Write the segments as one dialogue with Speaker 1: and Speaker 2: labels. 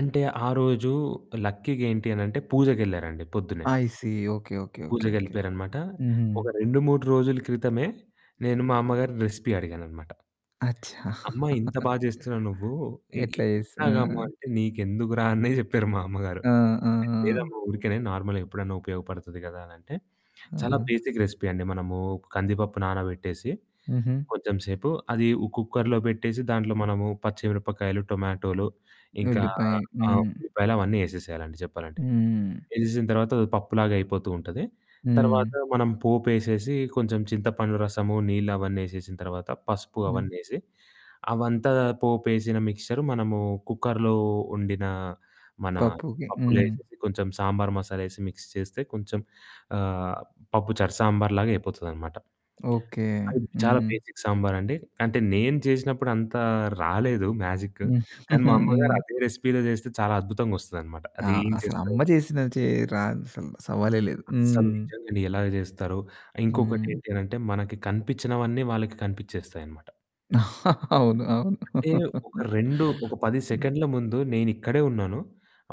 Speaker 1: అంటే, ఆ రోజు లక్కీగా ఏంటి అనంటే, పూజకెళ్లారండి పొద్దున్నే.
Speaker 2: I see. Okay. Okay. Okay. Okay.
Speaker 1: పూజకెళ్ళిపోయారన్నమాట
Speaker 2: హుహు.
Speaker 1: ఒక 2, 3 రోజుల క్రితమే, నేను మా అమ్మగారిని రెసిపీ అడిగానన్నమాట.
Speaker 2: అచ్చా!
Speaker 1: అమ్మా ఇంత బాగా చేస్తున్నావు నువ్వు, ఎ ఇ
Speaker 2: ఎట్లా చేస్ ఆ!
Speaker 1: ఎలాగమ్మా అంటే, "నీకెందుకురా" అనే చెప్పారు మా అమ్మగారు.
Speaker 2: ఆ! ఆ! ఆ!
Speaker 1: లేదమ్మా ఊరికేనే నార్మల్‌గా ఎప్పుడైనా ఉపయోగపడుతుంది కదా! అనంటే. చాలా
Speaker 2: ఆహా!
Speaker 1: బేసిక్ రెసిపీ అండి మనము కందిపప్పు నానబెట్టేసి,
Speaker 2: హుహు.
Speaker 1: కొంచెంసేపు అది ఓ కుక్కర్లో పెట్టేసి, దాంట్లో మనము పచ్చి మిరపకాయలు, టొమాటోలు ఇంకా
Speaker 2: ఉల్లిపాయి.
Speaker 1: ఆహ్,
Speaker 2: హ్మ్.
Speaker 1: ఉల్లిపాయలు అవన్నీ ఏసేసేయాలండి చెప్పాలంటే.
Speaker 2: హ్మ్.
Speaker 1: ఏసేసిన తర్వాత, అది పప్పులాగా అయిపోతూ ఉంటది. తర్వాత
Speaker 2: హ్మ్.
Speaker 1: మనం పోపేసేసి, కొంచెం చింతపండు రసము, నీళ్లు అవన్నీ ఏసేసిన తర్వాత పసుపు
Speaker 2: హ్మ్.
Speaker 1: అవన్నీ ఏసి అవంతా పోపేసేసిన మిక్సెచర్ మనము కుక్కర్లో వండిన మన
Speaker 2: పప్పుకి.
Speaker 1: పప్పులో
Speaker 2: హ్మ్.
Speaker 1: ఎసేసి, కొంచెం సాంబార్ మసాలా ఎసి మిక్స్ చేస్తే, కొంచెం ఆహ్, పప్పు చారు సాంబార్ లాగా అయిపోతదనమాట.
Speaker 2: ఓకే.
Speaker 1: అది చాలా
Speaker 2: హ్మ్.
Speaker 1: బేసిక్ సాంబారండి. అంటే నేను చేసినప్పుడు అంత రాలేదు మ్యాజిక్కు. కానీ మా
Speaker 2: హ్మ్.
Speaker 1: అమ్మగారదే రెసిపీ‌లో చేస్తే చాలా అద్భుతంగొస్తదన్నమాట.
Speaker 2: ఆ!
Speaker 1: అది ఏం చేస్తారు.
Speaker 2: అసలమ్మ చేసిన చే రాదసలు. సవాలే లేదు.
Speaker 1: అసలు
Speaker 2: హ్మ్.
Speaker 1: నిజంగండి ఎలాగ చేస్తారో. ఇంకొకటి
Speaker 2: హ్మ్.
Speaker 1: ఏంటనంటే, మనకి కనిపించినవన్నీ వాళ్ళకి కనిపించేస్తాయన్నమాట.
Speaker 2: అవును. అవును.
Speaker 1: అంటే, ఒక 2 ఒక 10
Speaker 2: హ్మ్.
Speaker 1: సెకండ్ల ముందు నేనిక్కడే ఉన్నాను.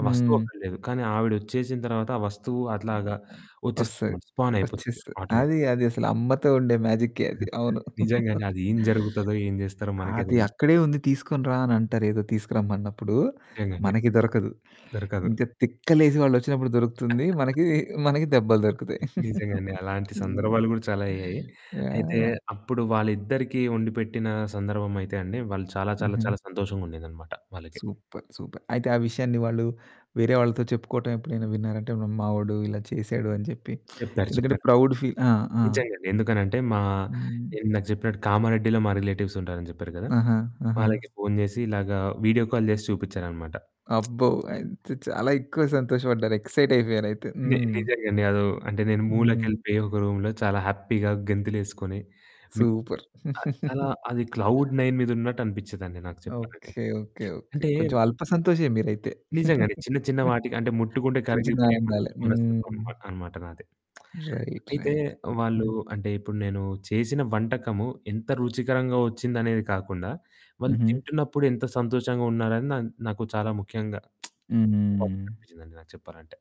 Speaker 1: ఆ వస్తువు
Speaker 2: హ్మ్.
Speaker 1: అక్కడ లేదు. కానీ ఆవిడొచ్చేసిన తర్వాత, ఆ వస్తువు
Speaker 2: హ్మ్.
Speaker 1: అట్లాగా
Speaker 2: అయ్ వస్తది.
Speaker 1: వచ్చేస్తుందన్నమాట స్పానయిపోతుంది
Speaker 2: వచ్చేస్తది.
Speaker 1: ఆటోమేటిక్
Speaker 2: అది అదసలు అమ్మతో ఉండే మ్యాజికే అది. అవును.
Speaker 1: నిజంగానే అది ఏం జరుగుతదో, ఏం చేస్తారో మనకే
Speaker 2: అది
Speaker 1: తెలిదు.
Speaker 2: అక్కడే ఉంది తీసుకొని రా అని అంటారు ఏదో తీసుకురమ్మన్నప్పుడు,
Speaker 1: నిజంగండి.
Speaker 2: మనకి దొరకదు.
Speaker 1: దొరకదు.
Speaker 2: ఇంకా తిక్కలేసి వాళ్ళొచ్చినప్పుడు దొరుకుతుంది. మనకి మనకి దెబ్బలు దొరుకుతాయి.
Speaker 1: నిజంగండి. అలాంటి
Speaker 2: హ్మ్.
Speaker 1: సందర్భాలు కూడా చాలా అయ్యాయి.
Speaker 2: యాహ్!
Speaker 1: అయితే
Speaker 2: యాహ్!
Speaker 1: అప్పుడు వాళ్ళిద్దరికీ వండిపెట్టిన సందర్భం అయితే అండి, వాళ్ళు చాలా, చాలా,
Speaker 2: హుహు.
Speaker 1: చాలా సంతోషంగా ఉండేదన్నమాట వాళ్ళకి.
Speaker 2: Super, super. అయితే, ఆ విషయాన్ని వాళ్ళు వేరే వాళ్ళతో చెప్పుకోవటం ఎప్పుడైనా విన్నారంటే, మా ఓడు ఇలా చేసాడు అని చెప్పి,
Speaker 1: చెప్పారు,
Speaker 2: ఎందుకంటే
Speaker 1: చెప్పారు.
Speaker 2: ప్రౌడ్ ఫీల్ ఆ! ఆ!
Speaker 1: నిజంగా. ఎందుకనంటే మా
Speaker 2: హ్మ్.
Speaker 1: నేను ఇందాక చెప్పినట్టు కామారెడ్డిలో మా రిలేటివ్స్ ఉంటారు అని చెప్పారు కదా!
Speaker 2: ఆహా! ఆహా!
Speaker 1: వాళ్ళకి ఫోను చేసి ఇలాగ వీడియో కాల్ చేసి చూపించారన్నమాట.
Speaker 2: అబ్బో! అయితే చాలా ఎక్కువ సంతోషపడ్డారు ఎక్సైట్ అయిపోయారయితే.
Speaker 1: నె
Speaker 2: హ్మ్.
Speaker 1: నిజంగండి. అది ఓహ్! అంటే నేను
Speaker 2: హ్మ్.
Speaker 1: మూలకెళ్ళిపోయి ఒక రూమ్‌లో చాలా హ్యాపీ‌గా, గెంతులేసుకొని మి
Speaker 2: సూపర్.
Speaker 1: అది చాలా అది క్లౌడ్ నైన్ మీద ఉన్నట్టు అనిపిచ్చేదండి నాకు చెప్పలంటే.
Speaker 2: ఓకే. ఓకే. ఓకే.
Speaker 1: అంటే
Speaker 2: కొంచెం అల్ప సంతోషే మీరైతే.
Speaker 1: నిజంగానే చిన్న, చిన్న వాటికి అంటే ముట్టుకుంటే
Speaker 2: చిన్న, చిన్న
Speaker 1: కరిగిపోయే మనసు
Speaker 2: ఆనందాలే.
Speaker 1: మనస్తత్వం
Speaker 2: హ్మ్.
Speaker 1: ఉన్నమాట అన్నమాట నాది.
Speaker 2: రైట్,
Speaker 1: అయితే
Speaker 2: రైట్.
Speaker 1: వాళ్ళు
Speaker 2: హ్మ్.
Speaker 1: అంటే, ఇప్పుడు నేను చేసిన వంటకము ఎంత రుచికరంగా వచ్చిందనేది కాకుండా, వాళ్ళు
Speaker 2: హుహు.
Speaker 1: తింటున్నప్పుడు ఎంత సంతోషంగా ఉన్నారని నన్ నాకు చాలా ముఖ్యంగా బాధ్యత
Speaker 2: హ్మ్.
Speaker 1: కనిపించిందండి నాకు చెప్పాలంటే.